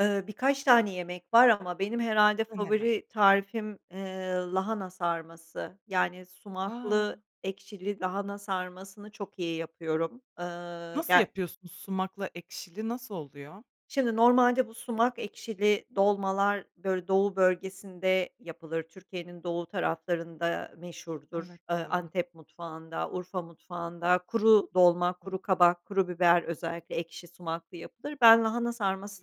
Iıı, birkaç tane yemek var ama benim herhâlde I Neler? favori tarifim, eee, lahana sarması. Yani, A! sumaklı, ekşili lahana sarmasını çok iyi yapıyorum. Iıı, Nasıl ger yapıyorsun sumakla ekşili, nasıl oluyor? Şimdi normalde bu sumak ekşili dolmalar, böyle, doğu bölgesinde yapılır. Türkiye'nin doğu taraflarında meşhurdur. Evet, Iıı, doğru. Antep mutfağında, Urfa mutfağında kuru dolma, Hı hı. kuru kabak, kuru biber özellikle ekşi sumaklı yapılır. Ben, lahana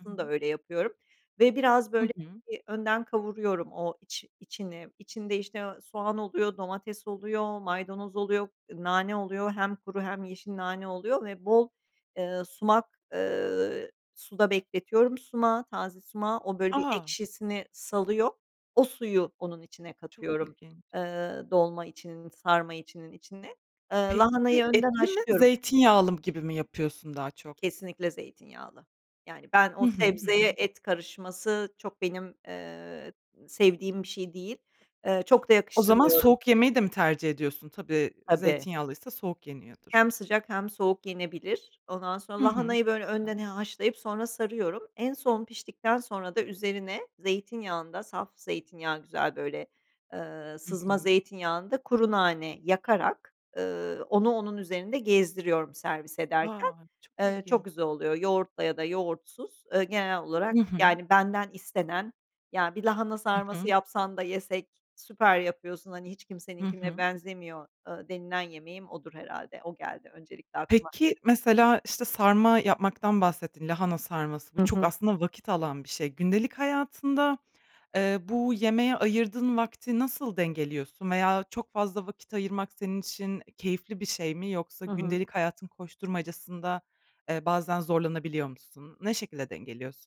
Hı da hı. öyle yapıyorum ve biraz, I böyle, hı. bir önden kavuruyorum o iç içini. İçinde, işte, eee, soğan oluyor, domates oluyor, maydanoz oluyor, nane oluyor, hem kuru hem yeşil nane oluyor ve bol, eee, sumak eee, suda bekletiyorum sumağı, taze sumağı. O, böyle, bir A! ekşisini salıyor. O suyu onun içine Çok katıyorum, ilginç. eee, dolma içinin, sarma içinin içine. Eee, Peki, lahanayı önden etli mi haşlıyorum zeytinyağlı m gibi mi yapıyorsun daha çok? Kesinlikle zeytinyağlı. Yani, ben o Hı hı. Hı sebzeye hı. et karışması çok benim, eee, sevdiğim bir şey değil. Eee, çok da O zaman yakıştırmıyorum. soğuk yemeyi de mi tercih ediyorsun? Tabii, Tabii. zeytinyağlıysa soğuk yeniyordur. Hem sıcak hem soğuk yenebilir. Ondan sonra Hı hı. lahanayı, Çok böyle, önden güzel. he haşlayıp sonra sarıyorum. En son, piştikten sonra da üzerine zeytinyağında, saf zeytinyağı güzel, böyle, eee, I sızma hı. zeytinyağında kuru nane yakarak, ııı, onu onun üzerinde gezdiriyorum servis ederken. A! Çok Eee, çok ilginç. güzel oluyor. Yoğurtla ya da yoğurtsuz, eee, genel olarak, I hı. yani, benden istenen, Ya, bir lahana Hı sarması hı. yapsan da yesek. Süper yapıyorsun. Hani, hiç Hı kimseninkine hı. benzemiyor." ııı, denilen yemeğim odur herhâlde. O geldi öncelikle aklıma. Peki, mesela, işte, sarma yapmaktan bahsettin, lahana sarması. Bu Hı çok hı. aslında vakit alan bir şey. Gündelik hayatında, eee, bu yemeğe ayırdığın vakti nasıl dengeliyorsun veya çok fazla vakit ayırmak senin için keyifli bir şey mi? Yoksa Hı hı. gündelik hayatın koşturmacasında, eee, bazen zorlanabiliyor musun? Ne şekilde dengeliyorsun?